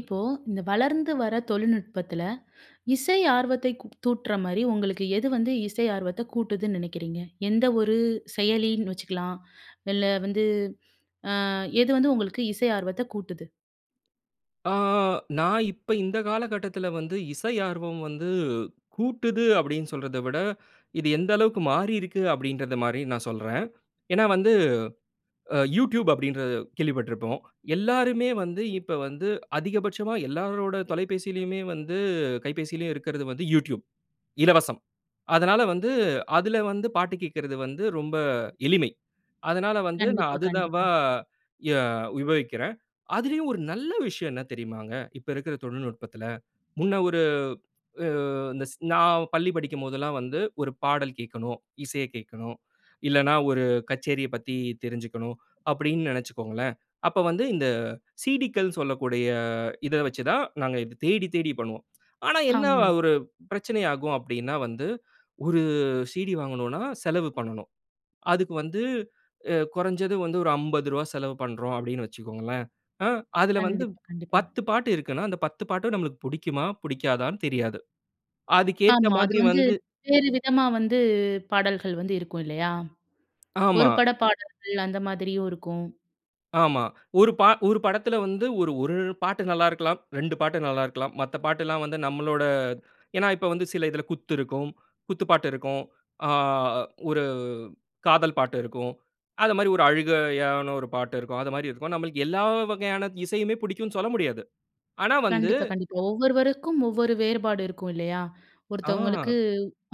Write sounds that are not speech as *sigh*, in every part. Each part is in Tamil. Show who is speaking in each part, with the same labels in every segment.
Speaker 1: இப்போ இந்த வளர்ந்து வர தொழில்நுட்பத்தில *inhales* இசை ஆர்வத்தை க்கு தூண்டுற மாரி உங்களுக்கு எது வந்து இசை ஆர்வத்த கூட்டுதுன்னு நினைக்கிறீங்க? எந்த ஒரு செயலின்னு வச்சுக்கலாம், *inhales* இல்ல வந்து அ எது வந்து உங்களுக்கு இசை ஆர்வத்த கூட்டுது?
Speaker 2: அ நான் இப்ப இந்த காலகட்டத்தில வந்து இசை ஆர்வம் வந்து கூட்டுது அப்பிடின்னு சொல்றத விட, *inhales* இது எந்த அளவுக்கு மாறியிருக்கு அப்பிடின்றதமாரி நான் சொல்றேன், ஏன்னா வந்து, அ Youtube அப்பிடின்ற கேள்விப்பட்டிருப்போம், எல்லாருமே வந்து இப்ப வந்து அதிகபட்சமா எல்லாரோட தொலைபேசிலயுமே வந்து கைபேசிலயும் இருக்கிறது வந்து Youtube. இலவசம். அதனால வந்து அதில வந்து பாட்டு கேட்கிறது வந்து ரொம்ப எளிமை. அதனால வந்து நான்
Speaker 1: கண்டிப்பா,
Speaker 2: அது தான் வ
Speaker 1: கண்டிப்பா.
Speaker 2: எ உபயோகிக்கிறேன். அதிலேயும் ஒரு நல்ல விஷயம் என்ன தெரியுமாங்க? இப்ப இருக்கிற தொழில்நுட்பத்தில, முன்ன ஒரு அ இந்த ஸ் நான் பள்ளி படிக்கும் போதுலாம் வந்து ஒரு பாடல் கேட்கணும், இசைய கேட்கணும், *inhales* இல்லன்னா ஒரு கச்சேரியப் பத்தி தெரிஞ்சிக்கணும், அப்பிடி நினைச்சிகோங்களேன்! அப்ப வந்து இந்த CDக்கள் சொல்லக்கூடிய இத வச்சு தான் நாங்க இத தேடி, தேடி பண்ணுவோம். *smacks lips* ஆனா, என்ன வ
Speaker 1: ஆமா.
Speaker 2: ஒரு பிரச்சனையாகும் அப்பிடின்னா வந்து *inhales* ஒரு CD வாங்கணுனா, செலவு பண்ணணும். அதுக்கு வந்து அ குறஞ்சது வந்து ஒரு ரூ.50 செலவு பண்றோம் அப்பிடின்ணு வச்சுக்கோங்களேன். ஆ அதில வந்து
Speaker 1: கண்டிப்பா, கண்டிப்பா.
Speaker 2: 10 பாட்டு இருக்குன்னா, அந்த 10 பாட்டு நம்மளுக:கு புடிக்குமா? புடிக்காதான்னு தெரியாது. அதுக்கு ஏத்த
Speaker 1: ஆமா. அது
Speaker 2: மாதிரி
Speaker 1: வந்து
Speaker 2: வந்து
Speaker 1: வேறு விதமா வந்து பாடல்கள் வந்து இருக்கும் இல்லயா! ஒரு
Speaker 2: ஆமா.
Speaker 1: பட பாடல்கள் அந்த மாதிரியும் இருக்கும்.
Speaker 2: ஆமா. *inhales* ஒரு ப 1 படத்துல வந்து ஒரு 1 பாட்டு நல்ல இருக்கலாம், 2 பாட்டு நல்லா இருக்கலாம். மத்த பாட்டுல்லாம் வந்து நம்பளோட ஏனா, இப்ப வந்து சில இதுல குத்து இருக்கும், குத்து பாட்டு இருக்கும். ஆ 1 காதல் பாட்டு இருக்கும். அது மாரி 1 அழுகையான 1 பாட்டு இருக்கும். அது மாரி இருக்கும். நம்ளுக்கு எல்லா வகையான இசையுமே பிடிக்கும்னு சொல்ல முடியாது. ஆனா வந்து
Speaker 1: கண்டிப்பா, கண்டிப்பா. ஒவ்வொருவருக்கும் ஒவ்வொரு வேறுபாடு இருக்கும் இல்லயா? *inhales* ஒருத்தவங்களுக்கு
Speaker 2: ஆஹா.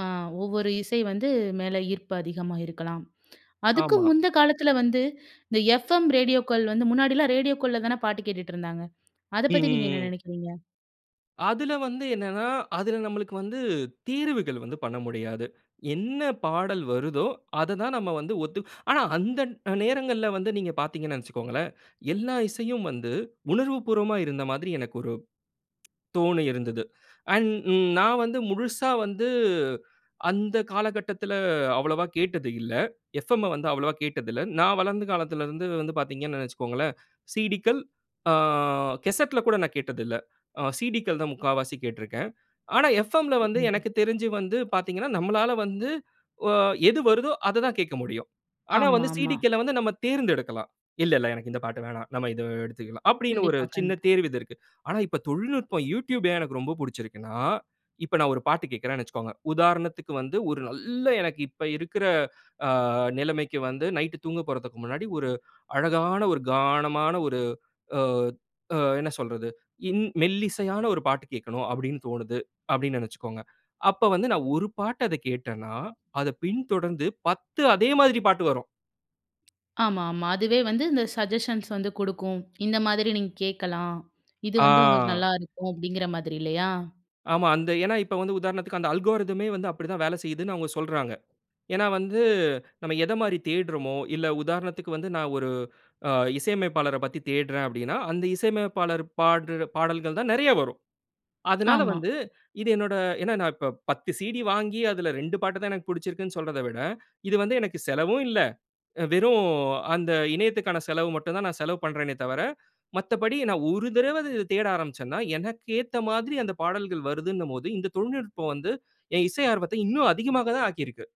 Speaker 1: அ ஒவ்வொரு இசை வந்து மேல ஈர்ப்பு அதிகமா இருக்கலாம். அதுக்கும்
Speaker 2: ஆமா.
Speaker 1: முந்த காலத்துல வந்து *inhales* இந்த FM ரேடியோக்கள் வந்து முன்னாடிலாம் ரேடியோக்கள்ல தானே பாட்டு கேட்டுட்டு இருந்தாங்க. அத பத்தி நீங்க என்ன
Speaker 2: ம்ஹ்ம்.
Speaker 1: நெனைக்கிறீங்க?
Speaker 2: அதுல வந்து என்னனா, அதுல நம்பளுக்கு வந்து தீர்வுகள் வந்து பண்ண முடியாது. என்ன பாடல் வருதோ அத தான் நம்ம வந்து ஒத்துக்க *inhales* ஆனா, அந்த நேரங்கள்ல வந்து நீங்க பாத்தீங்கன்னு வச்சிகோங்களேன், *inhales* எல்லா இசையும் வந்து, உணர்வு பூர்வமா இருந்த மாதிரி எனக்கு ஒரு தோணியிருந்தது அண்ட் நான் வந்து முழுசா வந்து அந்த காலகட்டத்துல அவ்வளவா கேட்டது இல்ல. எஃப்எம் வந்து அவ்வளவா கேட்டது இல்ல. நான் வளர்ந்த காலத்துல இருந்து வந்து பாத்தீங்கன்னு வச்சிகோங்களேன், *inhales* CDகள் ஆ கேசெட்‌ல கூட நான் கேட்டது இல்ல. ஆ CDகள் தான் 3/4வசி கேட்டுருக்றேன். ஆனா, FMல வந்து
Speaker 1: *unintelligible*
Speaker 2: எனக்கு தெரிஞ்சி வந்து பாத்தீங்கன்னா, நம்ளால வந்து ஒ எது வருதோ அத தான் கேட்க முடியும். ஆனா, வந்து
Speaker 1: ஆமாமா.
Speaker 2: CDக்கள்ள வந்து நம்ப தேர்ந்தெடுக்கலாம். இல்ல இல்ல எனக்கு இந்த பாட்டு வேணா. நம்ம இத எடுத்துக்கலாம். அப்டின்னு, ஒரு
Speaker 1: கண்டிப்பா,
Speaker 2: சின்ன
Speaker 1: கண்டிப்பா.
Speaker 2: தேர்வு இது இருக்கு. *inhales* ஆனா, இப்ப தொழில்நுட்பம் Youtube ஏன் எனக்கு ரொம்ப பூடிச்சிருக்குனா, இப்ப நான் 1 பாட்டு கேட்குறேன்னு வச்சிகோங்க. உதாரணத்துக்கு வந்து ஒரு நல்ல எனக்கு இப்ப இருக்குற *inhales* ஆ நிலைமைக்கு வந்து, நைட் தூங்கப் போறதுக்கு முன்னாடி ஒரு *inhales* அழகான, ஒரு கானமான ஒரு ஆ ஆ என்ன சொல்றது? இன் மெல்லிசையான 1 பாட்டு கேட்கனும் அப்டின்னு தோணுது அப்டின்னு நெனைச்சிகோங்க. அப்ப வந்து நான் 1 பாட்டு அத கேட்டேன்னா அத பின் தொடர்ந்து 10 அதே மாரி பாட்டு வரும்.
Speaker 1: ஆமா, ஆமா. அதுவே வந்து இந்த சஜஷன்ஸ் வந்து கொடுக்கும். இந்த மாதிரி நீங்க கேட்கலாம். இது
Speaker 2: ஆ.
Speaker 1: வந்து உங்களுக்கு நல்லா இருக்கும். அப்டீங்கிற மாதிரி இல்லயா?
Speaker 2: ஆமா. அந்த ஏனா இப்ப வந்து உதாரணத்துக்கு அந்த அல்கோர்தமே வந்து அப்டிதான் வேல செய்யுதுன்னு அவங்க சொல்றாங்க. ஏனா, வந்து நம்ம எதமாரி தேட்றமோ, இல்ல உதாரணத்துக்கு வந்து நான் ஒரு அ இசையமைப்பாளர பத்தி தேட்றேன் அப்டீன்னா, அந்த இசையமைப்பாளர் பாடுற பாடல்கள் தான் நிறைய வரும்.
Speaker 1: *smacks lips*
Speaker 2: அதனால
Speaker 1: ஆமா.
Speaker 2: வந்து இது என்னோட ஏனா, நான் இப்ப 10 CD வாங்கி அதுல 2 பாட்டு தான் எனக்கு பிடிச்சிருக்குன்னு சொல்றத விட, இது வந்து எனக்கு செலவும் இல்ல. அ வெறும் அந்த இணையத்துக்கான செலவு மட்டும் தான், நான் செலவு பண்றேனே தவர, மத்தபடி நான் ஒரு தடவ அது தேட ஆரம்பிச்சன்னா, எனக்கு ஏத்த மாதிரி அந்த பாடல்கள் வருதுன்னும்போது, இந்த தொழில்நுட்பம் வந்து என் இசை ஆர்வத்த இன்னும் அதிகமாக தான் ஆக்கியிருக்கு.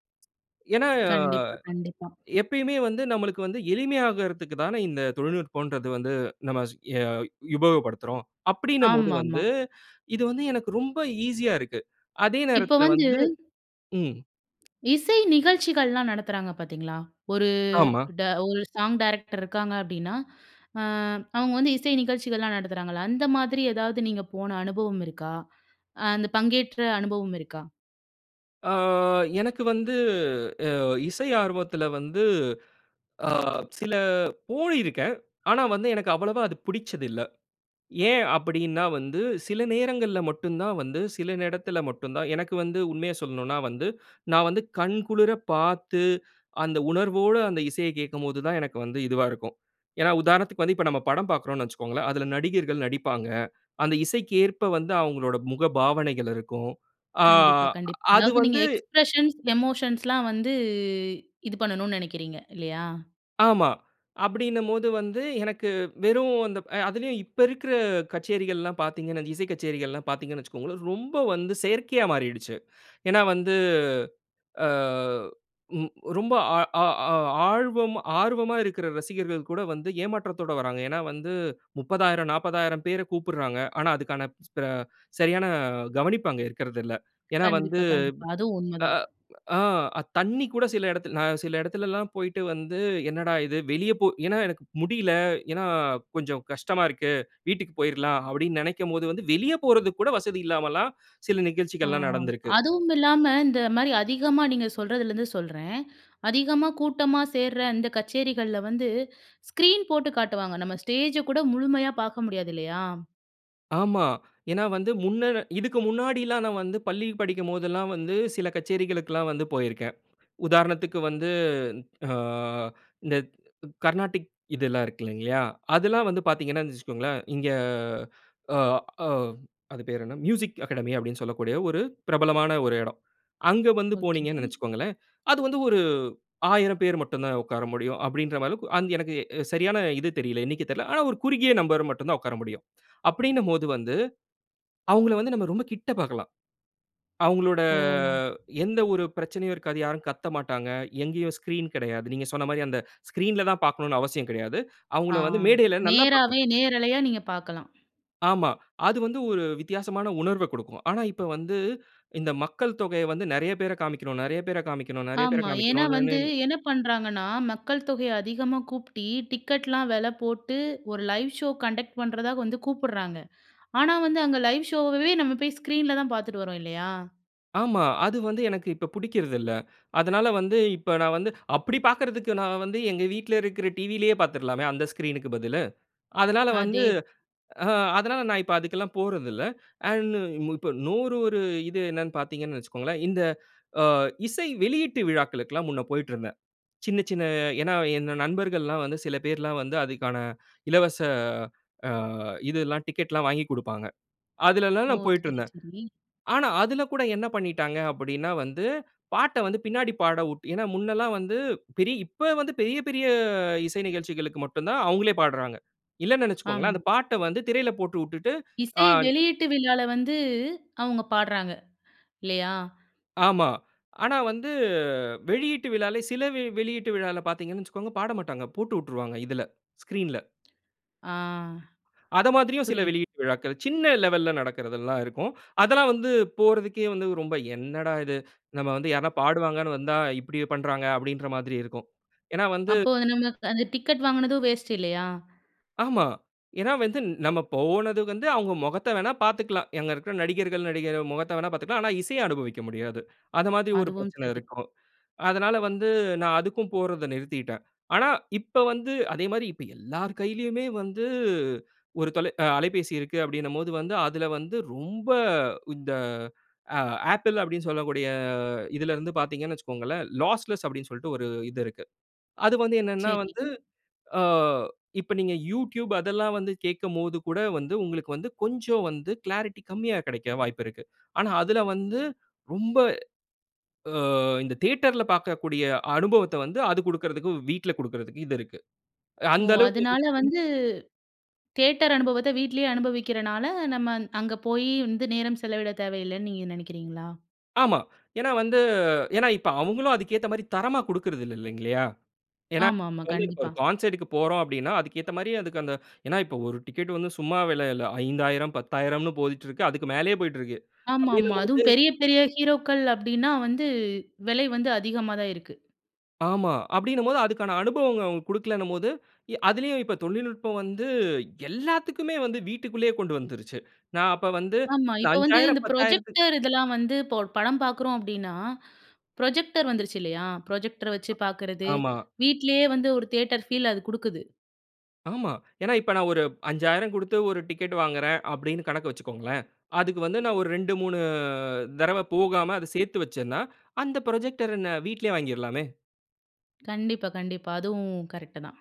Speaker 2: ஏனா,
Speaker 1: கண்டிப்பா, கண்டிப்பா.
Speaker 2: எப்பயுமே வந்து நம்மளுக்கு வந்து எளிமையாகுறதுக்குத் தானே, இந்த தொழில்நுட்பம்ன்றது வந்து நம்ம ய உபயோகப்படுத்துறோம். அப்டினம்போது
Speaker 1: ஆமாமா.
Speaker 2: வந்து, *inhales* இது வந்து எனக்கு ரொம்ப ஈசியா இருக்கு. அதே
Speaker 1: இப்ப
Speaker 2: நேரத்துல
Speaker 1: வந்து
Speaker 2: வந்து ம்.
Speaker 1: இசை நிகழ்ச்சிகள்லாம் நடத்துறாங்க பாத்தீங்களா? ஒரு,
Speaker 2: ஆமா.
Speaker 1: ட ஒரு சாங் டைரக்டர் இருக்காங்க அப்டீன்னா, *inhales* அ அவங்க வந்து இசை நிகழ்ச்சிகள் எல்லாம் நடத்துறாங்கல. அந்த மாதிரி ஏதாவது நீங்க போன அனுபவம் இருக்கா? *inhales* அ அந்த பங்கேற்ற அனுபவம் இருக்கா?
Speaker 2: ஆ எனக்கு வந்து அ இசை ஆர்வத்தில வந்து ஆ சில போயிருக்கேன். ஆனா வந்து எனக்கு அவ்வளவா அது பிடிச்சதில்ல. ஏன் அப்பிடின்னா வந்து, சில நேரங்கள்ல மட்டும் தான் வந்து, சில இடத்துல மட்டுந்தான் எனக்கு வந்து உண்மைய சொல்லணுனா வந்து, *inhales* நான் வந்து கண் குளிர பார்த்து *inhales* அந்த உணர்வோட அந்த இசைய கேட்கும்போதுதான், எனக்கு வந்து இதுவா இருக்கும். ஏன்னா, உதாரணத்துக்கு வந்து இப்ப நம்ம படம் பார்க்குறோன்னு வச்சிக்கோங்களே! அதில நடிகர்கள் நடிப்பாங்க. அந்த இசைக்கு ஏற்ப வந்து அவுங்களோட முகபாவனைகள் இருக்கும். ஆ
Speaker 1: கண்டிப்பா, கண்டிப்பா.
Speaker 2: அது
Speaker 1: அதாவது நீங்க
Speaker 2: வந்து
Speaker 1: எக்ஸ்பிரஷன்ஸ், எமோஷன்ஸ்லாம் வந்து இது பண்ணணு நினைக்கிறீங்க இல்லயா?
Speaker 2: ஆமா. அப்பிடின்னம்போது வந்து, எனக்கு வெறும் அந்த அ அதிலயும் இப்ப இருக்கிற கச்சேரிகள்லாம் பார்த்தீங்கன்னா, இசை கச்சேரிகள்லாம் பார்த்தீங்கன்னு வச்சிக்கோங்களே, ரொம்ப வந்து செயற்கையா மாறிடுச்சு. *inhales* ஏன்னா, வந்து ஆ ம் ரொம்ப ஆ ஆ ஆர்வம்-, ஆர்வமா இருக்கிற ரசிகர்கள் கூட வந்து ஏமாற்றத்தோட வராங்க. ஏன்னா, வந்து 30,000, 40,000 பேர கூப்பிட்றாங்க. ஆனா, அதுக்கான ஸ்பே அ சரியான கவனிப்பு அங்க இருக்கிறதில்ல. ஏன்னா வந்து,
Speaker 1: கண்டிப்பா, கண்டிப்பா. அதுவும் உண்மை தான்.
Speaker 2: ஆ ஆ தண்ணீ கூட சில இடத்தில நான் சில இடத்தில எல்லாம் போயிட்டு வந்து, என்னடா! இது வெளிய போ ஏன்னா எனக்கு முடியல. ஏன்னா, கொஞ்சம் கஷ்டமா இருக்கு. வீட்டுக்கு போயிர்லாம், அப்பிடின்னு நினைக்கும்போது வந்து வெளிய போறதுக்கு கூட வசதி இல்லாமல்லாம் *inhales* சில
Speaker 1: ஆ
Speaker 2: நிகழ்ச்சிகள்லாம் நடந்திருக்கு.
Speaker 1: அதுவும் இல்லாம இந்த மாரி அதிகமா நீங்க சொல்றதுல இருந்து சொல்றேன். *inhales* அதிகமா கூட்டமா சேர்ற அந்த கச்சேரிகள்ல வந்து *inhales* ஸ்க்ரீன் போட்டு காட்டுவாங்க. நம்ம ஸ்டேஜ கூட முழுமையா பார்க்க முடியாது இல்லயா!
Speaker 2: ஆமா. *inhales* ஏன்னா வந்து முன்ன இதுக்கு முன்னாடி எல்லாம் நான் வந்து பள்ளி படிக்கும்போது எல்லாம் வந்து, சில கச்சேரிகளுக்கு எல்லாம் வந்து, போயிருக்கேன். உதாரணத்துக்கு வந்து ஆ *inhales* இந்த கர்நாடிக் இது எல்லாம் இருக்கு இல்லங்லயா. அதெல்லாம் வந்து பார்த்தீங்கன்னா, வச்சுக்கோங்களேன் இங்கே *inhales* ஆ ஆ அது பேரு என்ன? மியூசிக் அகாடமி அப்படினு சொல்லக்கூடிய ஒரு பிரபலமான ஒரு இடம். அங்க வந்து
Speaker 1: ஓகே.
Speaker 2: போனீங்கனு நெனைச்சுக்கோங்களேன் *inhales* அது வந்து 1 1000 பேர் மட்டும் தான் உட்கார முடியும் அப்படின்றமாரி அளவுக்கு, அந் எனக்கு சரியான இது தெரியல. எண்ணிக்கை தெரியல. ஆனா, ஒரு குறுகிய நம்பர் மட்டும் தான் உட்கார முடியும். *inhales* அப்படினும்போது வந்து, அவங்கள வந்து, நம்ம ரொம்ப கிட்ட பார்க்கலாம். அவங்களோட
Speaker 1: ஓ!
Speaker 2: எந்த ஒரு பிரச்சனையும் இருக்காது. யாரும் கத்தமாட்டாங்க. எங்கயும் ஸ்கிரீன் கிடையாது. நீங்க சொன்ன மாரி, *inhales* அந்த ஸ்கிரீன்‌ல தான் பார்க்கனும்னு அவசியம் கிடையாது. *inhales*
Speaker 1: ஆ.
Speaker 2: அவங்கள வந்து மேடையில நல்லா பார்க்கலாம்.
Speaker 1: நேராவே, நேரலையா, நீங்க பார்க்கலாம்.
Speaker 2: ஆமா. அது வந்து ஒரு வித்தியாசமான உணர்வ கொடுக்கும். ஆனா, இப்ப வந்து, இந்த மக்கள் தொகைய வந்து நெறைய பேரை காமிக்கணும், நெறைய பேரை காமிக்கணும், நெறைய பேரை
Speaker 1: ஆமா. ஏன்னா
Speaker 2: காமிக்கணுன்னே
Speaker 1: வந்து என்ன பண்ணுறாங்கன்னா? மக்கள் தொகைய அதிகமா கூட்டி டிக்கெட்லாம் விலை போட்டு, 1 லைவ் ஷோ கண்டக்ட் பண்றதா வந்து கூப்பிடுறாங்க. *inhales* ஆனா, வந்து அங்க லைவ் ஷோவே நம்ம போய் ஸ்க்ரீன்ல தான் பார்த்துட்டு வரோம் இல்லையா?
Speaker 2: ஆமா. அது வந்து எனக்கு இப்ப புடிக்கிறது இல்ல. *inhales* அதனால வந்து இப்ப நான் வந்து அப்பிடி பாக்குறதுக்கு நான் வந்து எங்க வீட்ல இருக்கிற டிவிலேயே பார்த்துர்லாமே? அந்த ஸ்க்ரீன்‌க்கு பதிலு. அதனால வந்து
Speaker 1: அதே
Speaker 2: அ அதனால நான் இப்ப அதுக்கு எல்லாம் போறதில்ல. *inhales* அண்ட் இப்போ இன்னூறு ஒரு இது என்னன்னு பார்த்தீங்கன்னு வச்சுக்கோங்களேன், இந்த *inhales* அ இசை வெளியீட்டு விழாக்களுக்குலாம் முன்ன போயிட்டு இருந்தேன். சின்ன சின்ன ஏன்னா, என் நண்பர்கள்லாம் வந்து சில பேர்லாம் வந்து அதுக்கான *inhales* இலவச ஆ இது எல்லாம் டிக்கெட்லாம் வாங்கி குடுப்பாங்க. அதில எல்லாம்
Speaker 1: ஓ!
Speaker 2: நான் போயிட்டு
Speaker 1: சரி,
Speaker 2: இருந்தேன்.
Speaker 1: சரி.
Speaker 2: ஆனா, அதில கூட என்ன பண்ணிட்டாங்க? அப்டீன்னா வந்து, பாட்ட வந்து பின்னாடி பாடவுட் ஏன்னா, முன்னல்லாம் வந்து பெரிய் இப்ப வந்து பெரிய பெரிய இசை நிகழ்ச்சிகளுக்கு மட்டும் தான் அவுங்களே பாட்றாங்க. இல்லன்னு நினச்சுக்கோங்களேன்,
Speaker 1: ஆமா.
Speaker 2: அந்த பாட்ட வந்து திரையில போட்டு விட்டுட்டு, *inhales* ஆ
Speaker 1: இசை வெளியீட்டு விழால வந்து அவுங்க பாட்றாங்க, *inhales* இல்லயா?
Speaker 2: ஆமா. ஆனா வந்து வெளியீட்டு விழால சில வெ வெளியீட்டு விழால பார்த்தீங்கன்னு வச்சுக்கோங்க, பாடமாட்டாங்க. போட்டு விட்ருவாங்க. இதில. ஸ்கிரீன்‌ல.
Speaker 1: ஆ.
Speaker 2: அத மாதிரியும் சில
Speaker 1: புரியுது.
Speaker 2: வெளியீட்டு விழாக்கள், சின்ன லெவல்‌ல நடக்கிறது எல்லாம் இருக்கும். *inhales* அதெல்லாம் வந்து போறதுக்கே வந்து, ரொம்ப "என்னடா இது? *inhales* நம்ம வந்து யாருனா பாடுவாங்கன்னு வந்தா, இப்பிடி பண்றாங்க." அப்டீன்ற மாதிரி இருக்கும். ஏன்னா வந்து
Speaker 1: அப்போ நம்ம அந்த டிக்கெட் வாங்கினதும் வேஸ்ட்டு இல்லயா?
Speaker 2: ஆமா. ஏன்னா, வந்து நம்ம போனது வந்து அவுங்க முகத்த வேணா பார்த்துக்கலாம். அங்க இருக்கிற நடிகர்கள், நடிகை முகத்த வேணா பாத்துக்கலாம். ஆனா இசைய அனுபவிக்க முடியாது. அது மாதிரி ஒரு
Speaker 1: அதுவும்
Speaker 2: பிரச்சனை
Speaker 1: சரி.
Speaker 2: இருக்கும். அதனால வந்து நான் அதுக்கும் போறத நிறுத்திட்டேன். ஆனா, இப்ப வந்து அதேமாரி இப்ப எல்லார் கையிலேயுமே வந்து ஒரு தொலை அ அலைபேசி இருக்கு. அப்பிடினம்போது வந்து, அதில வந்து ரொம்ப இந்த அ Apple அப்பிடின்னு சொல்லக்கூடிய இதில இருந்து பார்த்தீங்கன்னு வச்சிக்கோங்களேன், லாஸ்லெஸ் அப்பிடின்னு சொல்ட்டு ஒரு இது இருக்கு. அதுக்கு வந்து என்னன்னா
Speaker 1: சரி.
Speaker 2: வந்து, ஆ இப்ப நீங்க YouTube அதெல்லாம் வந்து கேட்கும்போதுகூட, வந்து உங்களுக்கு வந்து கொஞ்சம் வந்து க்ளாரிட்டி கம்மியா கிடைக்க வாய்ப்பு இருக்கு. ஆனா அதுல வந்து, ரொம்ப ஆ இந்த தியேட்டர்‌ல பார்க்கக்கூடிய அனுபவத்த வந்து அது கொடுக்கிறதுக்கு வீட்ல கொடுக்கிறதுக்கு இது இருக்கு.
Speaker 1: ஓ!
Speaker 2: அந்த அளவுக்கு
Speaker 1: அதனால
Speaker 2: *unintelligible*
Speaker 1: வந்து, தியேட்டர் அனுபவத்த வீட்லேயே அனுபவிக்கிறனால, நம்ம அந் அங்க போயி வந்து நேரம் செலவிடத் தேவையில்லேன்னு நீங்க நெனைக்கிறீங்களா?
Speaker 2: ஆமா. *inhales* ஏன்னா வந்து ஏன்னா இப்ப அவுங்களும் அதுக்கேத்த மாரி தரமா குடுக்குறதில்ல இல்லைங்கல்லியா. ஏன்னா
Speaker 1: ஆமாமா
Speaker 2: இப்ப வந்து ஒரு
Speaker 1: கண்டிப்பா.
Speaker 2: கான்சர்ட்‌க்கு போறோம் அப்டின்னா, அதுக்கு ஏத்த மாரி அதுக்கு அந்த *inhales* ஏன்னா, இப்ப ஒரு டிக்கெட் வந்து சும்மா விலையில்ல, 5000, 10000ன்னு போயிட்ருக்கு. அதுக்கு மேலயே போயிற்றுக்கு.
Speaker 1: ஆமாமா.
Speaker 2: அப்டின்னும்போது
Speaker 1: அதுவும் பெரிய பெரிய ஹீரோக்கள் அப்டின்னா வந்து விலை வந்து அதிகமா தான் இருக்கு.
Speaker 2: ஆமா, அப்டின்னும் போது, அதுக்கான அனுபவங்கள அவுங்க குடுக்கலன்னும் போது, ய அதிலயும் இப்ப தொழில்நுட்பம் வந்து, எல்லாத்துக்குமே வந்து, வீட்டுக்குள்ளயே கொண்டு வந்துருச்சு. *inhales* நான் அப்ப வந்து,
Speaker 1: ஆமா இப்ப வந்து,
Speaker 2: அஞ்சாயிரம்
Speaker 1: இந்த
Speaker 2: பத்தாயிரத்து
Speaker 1: ப்ரொஜெக்டர் இதெல்லாம் வந்து, இப்ப ஒரு படம் பாக்குறோம் அப்டின்னா, *inhales* ப்ரொஜெக்டர் வந்துருச்சு இல்லையா, ப்ரொஜெக்டர வச்சி
Speaker 2: அ
Speaker 1: பாக்குறது,
Speaker 2: ஆமா.
Speaker 1: வீட்லயே வந்து ஒரு தியேட்டர் ஃபீல் அது குடுக்குது.
Speaker 2: ஆமா. *inhales* ஏன்னா, இப்ப நான் ஒரு 5000 குடுத்து, ஒரு டிக்கெட் வாங்குறேன். அப்டின்னு கணக்கு வச்சிக்கோங்களேன். அதுக்கு வந்து, நான் ஒரு 2, 3 தடவை போகாம, அத சேத்து வச்சேன்னா அந்த புரொஜெக்டர நான் வீட்லயே வாங்கிறலாமே.
Speaker 1: கண்டிப்பா, கண்டிப்பா, அதுவும் கரெக்ட்டு தான்.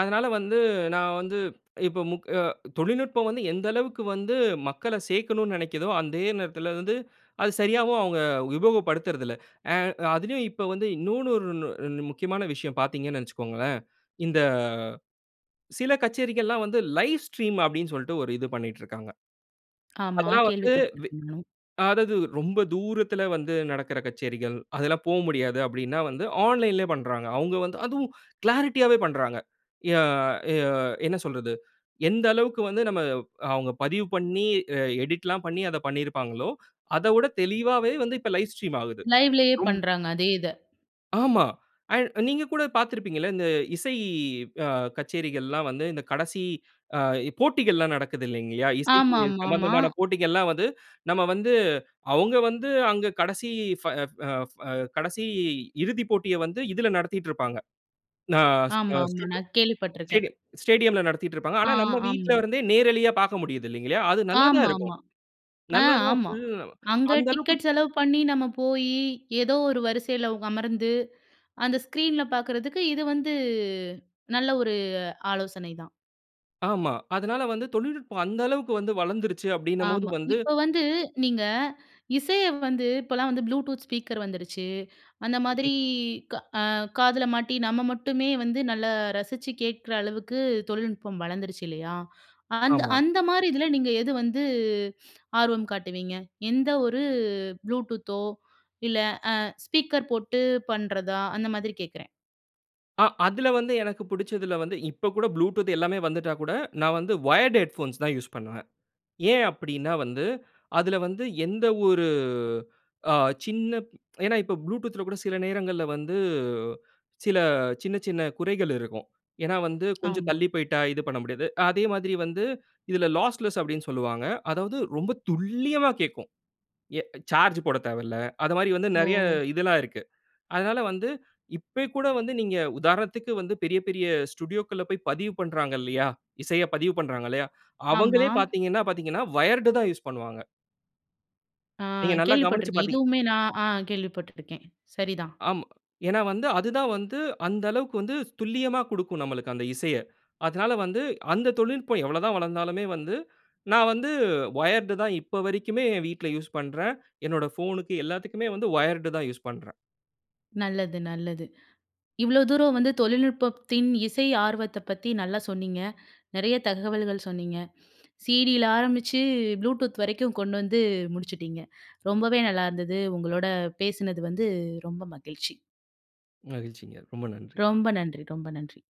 Speaker 2: அதனால வந்து, நான் வந்து, இப்போ முக் அ தொழில்நுட்பம் வந்து, எந்த அளவுக்கு வந்து மக்கள சேக்கணுன்னு நினைக்கிதோ, அதே நேரத்தில வந்து, *inhales* அது சரியாவும், அவுங்க உபயோகப்படுத்துறதில்ல. ஆ அதிலயும் இப்ப வந்து, இன்னோன்னு, ஓருணு ரென் முக்கியமான விஷயம் பார்த்தீங்கன்னு நினைச்சிக்கோங்களேன். இந்த, சில கச்சேரிகள்லாம் வந்து, லைவ் ஸ்ட்ரீம் அப்டின்சொல்ட்டு, ஒரு இது பண்ணிட்ருக்காங்க.
Speaker 1: ஆமா,
Speaker 2: அதெல்லாம் வந்து, வெ
Speaker 1: கேள்விப்பட்ருக்கேன் நான்.
Speaker 2: அதாவது, ரொம்ப தூரத்தில வந்து நடக்கிற கச்சேரிகள். அதெல்லாம் போமுடியாது. அப்டின்னா வந்து, ஆன்லைன்‌லயே பண்றாங்க. அவுங்க வந்து அதுவும் *inhales* கிளாரிட்டியாவே பன்றாங்க. யா ய என்ன சொல்றது? எந்த அளவுக்கு வந்து நம்ம அவுங்க பதிவு பண்ணி, அ எடிட்லாம் பண்ணி, அத பண்ணியிருப்பாங்களோ, *inhales* அத விட தெளிவாவே வந்து, இப்போ லைவ் ஸ்ட்ரீம் ஆகுது.
Speaker 1: லைவ்‌லேயே
Speaker 2: ரொம்
Speaker 1: பண்றாங்க அதே இத.
Speaker 2: ஆமா. அ நீங்க கூட பாத்திருப்பீங்கல்ல, இந்த இசை அ கச்சேரிகள்லாம் வந்து, இந்த கடசி அ இ போட்டிகள்லாம் நடக்குது இல்லைங்கலா, இசைக்கு
Speaker 1: ஆமாமாமாமா.
Speaker 2: சம்பந்தமான போட்டிகள்லாம் வந்து *inhales* நம்ம வந்து அவுங்க வந்து அங்க கடசி ஃப, ஃப, ஃப கடசி இறுதிப் போட்டிய வந்து, இதுல நடத்திட்டுருப்பாங்க. அ ஸ் ஸ்டேடியம்
Speaker 1: ஆமாமா நான் கேள்விப்பட்ருக்கேன்.
Speaker 2: ஸ்டேடியம் ஸ்டேடியம்‌ல நடத்திட்டுருப்பாங்க.
Speaker 1: ஆ
Speaker 2: ஆனா, நம்ம
Speaker 1: ஆமா.
Speaker 2: வீட்டிலருந்தே, நேரலயா பாக்க முடியுது இல்லைங்களயா, அது நல்லா தான் இருக்கும்.
Speaker 1: ஆமாமா. ஆ
Speaker 2: நல்லா தான்
Speaker 1: ஆமா.
Speaker 2: *unintelligible*
Speaker 1: அங்க
Speaker 2: அந்த அளவுக்கு
Speaker 1: டிக்கெட் செலவு பண்ணி, நம்ம போயி, ஏதோ ஒரு வரிசைல வொ அமர்ந்து, *inhales* அந்த ஸ்க்ரீன்ல பாக்கறதுக்கு, இது வந்து நல்ல ஒரு ஆலோசனை தான்.
Speaker 2: ஆமா. அதனால வந்து தொழில்நுட்பம் அந்த அளவுக்கு வந்து வளர்ந்துருச்சு அப்டினம் போது
Speaker 1: ஆமா.
Speaker 2: வந்து
Speaker 1: இப்ப வந்து நீங்க, *inhales* இசைய வந்து, இப்பலாம் வந்து Bluetooth ஸ்பீக்கர் வந்துருச்சு. *inhales* அந்த மாதிரி
Speaker 2: ம்.
Speaker 1: க அ காதுல மாட்டி நம்ம மட்டுமே வந்து நல்லா ரசிச்சு கேக்குற அளவுக்கு தொழில்நுட்பம் வளர்ந்துருச்சு, இல்லையா? *inhales* அந்த
Speaker 2: ஆமா.
Speaker 1: அந்த மாதிரி இதுல நீங்க எது வந்து ஆர்வம் காட்டுவீங்க? எந்த ஒரு Bluetoothஓ இல்ல அ ஸ்பீக்கர் போட்டு பண்றதா? அந்த மாதிரி கேட்குறேன்.
Speaker 2: ஆ அதுல வந்து எனக்கு புடிச்சதுல வந்து, இப்ப கூட Bluetooth எல்லாமே வந்துட்டா கூட நான் வந்து வயர்ட் ஹெட்போன்ஸ் தான் யூஸ் பண்ணுவேன். ஏன் அப்டின்னா வந்து, அதுல வந்து எந்த ஒரு அ சின்ன ஏன்னா இப்போ Bluetoothல கூட சில நேரங்கள்ல வந்து சில சின்ன சின்ன குறைகள் இருக்கும். ஏன்னா வந்து கொஞ்சம்
Speaker 1: ஆமா.
Speaker 2: தள்ளி போய்ட்டா இது பண்ண முடியாது. அதே மாதிரி வந்து இதுல "லாஸ்லெஸ்" அப்டின்னு சொல்வாங்க. அதாவது ரொம்ப துல்லியமா கேக்கும். எ சார்ஜ் போடத் தேவல்ல. அது மாரி வந்து நெறைய
Speaker 1: ஓ.
Speaker 2: இதெல்லாம் இருக்கு. அதனால வந்து இப்பய் கூட வந்து நீங்க உதாரணத்துக்கு வந்து பெரிய பெரிய ஸ்டுடியோக்கள்ல போய் பதிவு பண்றாங்க இல்லையா? இசைய பதிவு பண்றாங்க இல்லையா? *inhales*
Speaker 1: ஆமா.
Speaker 2: அவங்களே பாத்தீங்கன்னா பார்த்தீங்கன்னா வயர்டு தான் யூஸ் பண்ணுவாங்க.
Speaker 1: ஆ,
Speaker 2: நீங்க நல்லா கவனிச்சு
Speaker 1: கேள்விப்பட்டுருக்கேன்
Speaker 2: பார்த்தீ
Speaker 1: இதுவுமே நான் அ கேள்விப்பட்டுருக்கேன். சரிதான்.
Speaker 2: ஆமா. ஏன்னா வந்து, அது தான் வந்து, அந்த அளவுக்கு வந்து ஸ் துல்லியமா குடுக்கும், நம்மளக்கு. அந்த இசைய. அதால வந்து அந்த தொழில்நுட்பம் எவ்வளவு தான் வளர்ந்தாலுமே வந்து, நான் வந்து வயர்ட் தான் இப்ப வரைக்குமே என் வீட்ல யூஸ் பண்றேன். என்னோட ஃபோனுக்கு எல்லாத்துக்குமே வந்து வயர்டு தான் யூஸ் பண்றேன்.
Speaker 1: நல்லது நல்லது. *inhales* இவ்ளோ தூரம் வந்து தொழில்நுட்பத்தின் இசை ஆர்வத்த பத்தி நல்லா சொன்னீங்க. *inhales* நெறைய தகவல்கள் சொன்னீங்க. *inhales* CDல ஆரம்பிச்சு Bluetooth வரைக்கும் கொண்டு வந்து முடிச்சுட்டிங்க. *inhales* ரொம்பவே நல்லாயிருந்தது உங்களோட பேசினது வந்து ரொம்ப மகிழ்ச்சி.
Speaker 2: மகிழ்ச்சிங்க ரொம்ப நன்றி!
Speaker 1: ரொம்ப நன்றி! ரொம்ப நன்றி!